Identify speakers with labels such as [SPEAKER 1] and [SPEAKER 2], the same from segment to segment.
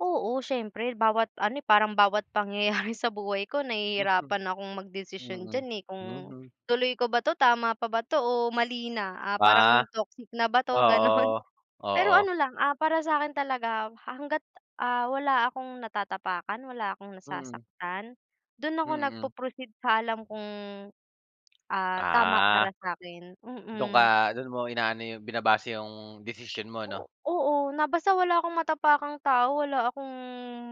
[SPEAKER 1] Oo, siyempre bawat ano parang bawat pangyayari sa buhay ko
[SPEAKER 2] Mm.
[SPEAKER 1] nahihirapan akong magdesisyon
[SPEAKER 2] Mm,
[SPEAKER 1] diyan, eh, kung
[SPEAKER 2] mhm.
[SPEAKER 1] tuloy ko ba 'to, tama pa ba 'to o mali na, ah,
[SPEAKER 2] Ah.
[SPEAKER 1] parang toxic na ba 'to, ganon?
[SPEAKER 2] Oo,
[SPEAKER 1] Pero
[SPEAKER 2] oo.
[SPEAKER 1] ano lang, ah, para sa'kin talaga hangga't, ah, wala akong natatapakan, wala akong
[SPEAKER 2] Mm.
[SPEAKER 1] nasasaktan, do'n ako
[SPEAKER 2] Mm.
[SPEAKER 1] nagpo-proceed sa alam kung, ah, tama
[SPEAKER 2] Ah.
[SPEAKER 1] para sa'kin,
[SPEAKER 2] Do'n ka,
[SPEAKER 1] mm.
[SPEAKER 2] do'n mo inaano yung binabase yung desisyon mo 'no?
[SPEAKER 1] O oo na basta wala 'kong matapakang tao, wala akong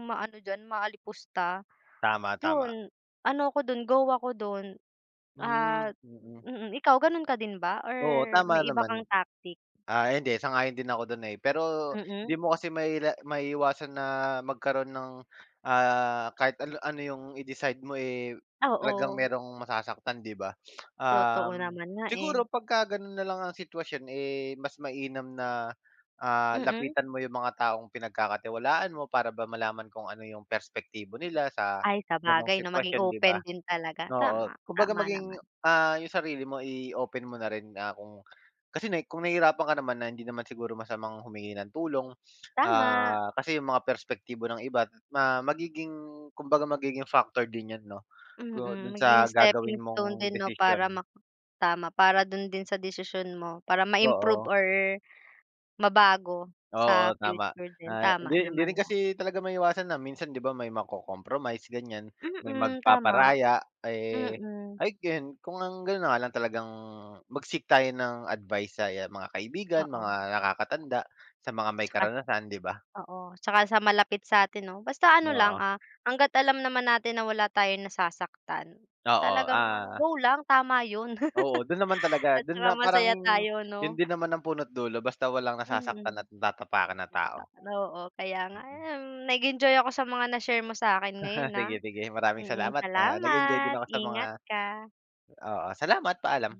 [SPEAKER 1] maano diyan maalipusta,
[SPEAKER 2] Tama, tama.
[SPEAKER 1] 'yon. Ano ako do'n, go ako do'n
[SPEAKER 2] Hmm,
[SPEAKER 1] at,
[SPEAKER 2] mm.
[SPEAKER 1] mm, ikaw gano'n ka din ba or
[SPEAKER 2] Oo, tama
[SPEAKER 1] may iba kang
[SPEAKER 2] naman.
[SPEAKER 1] tactic?
[SPEAKER 2] Ah, hindi sang-ayon din ako do'n, eh, pero
[SPEAKER 1] Mm.
[SPEAKER 2] 'di mo kasi maila maiiwasan na magkaro'n nang ah kahit an ano yung i-decide mo, eh, talagang
[SPEAKER 1] Oo.
[SPEAKER 2] mayrong masasaktan 'di ba?
[SPEAKER 1] Totoo
[SPEAKER 2] Um,
[SPEAKER 1] naman na, eh.
[SPEAKER 2] siguro pagka gano'n nalang ang sitwasyon, eh, mas mainam na, ah,
[SPEAKER 1] Mm.
[SPEAKER 2] lapitan mo yung mga taong pinagkakatiwalaan mo para ba malaman kung ano yung perspektibo nila sa
[SPEAKER 1] Ay,
[SPEAKER 2] ganong
[SPEAKER 1] sabagay 'no, maging
[SPEAKER 2] sitwasyon, 'di
[SPEAKER 1] open
[SPEAKER 2] ba?
[SPEAKER 1] din talaga
[SPEAKER 2] Oo,
[SPEAKER 1] tama,
[SPEAKER 2] kumbaga
[SPEAKER 1] tama
[SPEAKER 2] maging,
[SPEAKER 1] naman.
[SPEAKER 2] ah, yung sarili mo i-open mo na rin na kung kasi na kung nahihirapan ka naman na hindi naman siguro masamang humingi ng tulong,
[SPEAKER 1] Tama.
[SPEAKER 2] ah, kasi yung mga perspektibo ng iba ma magiging kumbaga magiging factor din yon no, go
[SPEAKER 1] Mm,
[SPEAKER 2] do'n
[SPEAKER 1] maging
[SPEAKER 2] sa gagawin
[SPEAKER 1] stepping stone
[SPEAKER 2] mong
[SPEAKER 1] din 'no, para
[SPEAKER 2] desisyon.
[SPEAKER 1] ma tama para do'n din sa desisyon mo para ma-improve
[SPEAKER 2] Oo.
[SPEAKER 1] or, mabago
[SPEAKER 2] Oo,
[SPEAKER 1] sa
[SPEAKER 2] tama.
[SPEAKER 1] future din,
[SPEAKER 2] Ah,
[SPEAKER 1] tama
[SPEAKER 2] hindi hindi rin
[SPEAKER 1] naman nga.
[SPEAKER 2] kasi talaga maiiwasan na minsan, 'di ba may maco-compromise ganyan, may
[SPEAKER 1] Mm, tama.
[SPEAKER 2] magpaparaya, eh,
[SPEAKER 1] Mm.
[SPEAKER 2] I can kung ang gano'n na nga lang talagang mag-seek tayo ng advice sa mga kaibigan mga
[SPEAKER 1] Oo.
[SPEAKER 2] nakakatanda, sa mga may
[SPEAKER 1] 'Tsaka,
[SPEAKER 2] karanasan 'di ba?
[SPEAKER 1] oo 'tsaka sa malapit sa'tin 'no basta ano lang,
[SPEAKER 2] Oo.
[SPEAKER 1] ah, hangga't alam naman natin na wala tayong nasasaktan,
[SPEAKER 2] Oo,
[SPEAKER 1] talagang ano,
[SPEAKER 2] ah
[SPEAKER 1] go lang tama 'yon.
[SPEAKER 2] Oo, do'n naman talaga
[SPEAKER 1] At
[SPEAKER 2] do'n
[SPEAKER 1] 'tsaka
[SPEAKER 2] na parang,
[SPEAKER 1] masaya tayo
[SPEAKER 2] 'yon
[SPEAKER 1] 'no?
[SPEAKER 2] din naman ang puno't dulo basta walang
[SPEAKER 1] Mm.
[SPEAKER 2] nasasaktan at natatapakan na
[SPEAKER 1] [unintelligible]
[SPEAKER 2] tao.
[SPEAKER 1] Oo, kaya nga,
[SPEAKER 2] Mm.
[SPEAKER 1] um, nag-enjoy ako sa mga na-share mo sa'kin ngayon, ah,
[SPEAKER 2] Sige-sige maraming
[SPEAKER 1] mm.
[SPEAKER 2] salamat, ah, nag-enjoy din
[SPEAKER 1] Salamat
[SPEAKER 2] ako sa mga
[SPEAKER 1] ingat ka.
[SPEAKER 2] oo, salamat, paalam.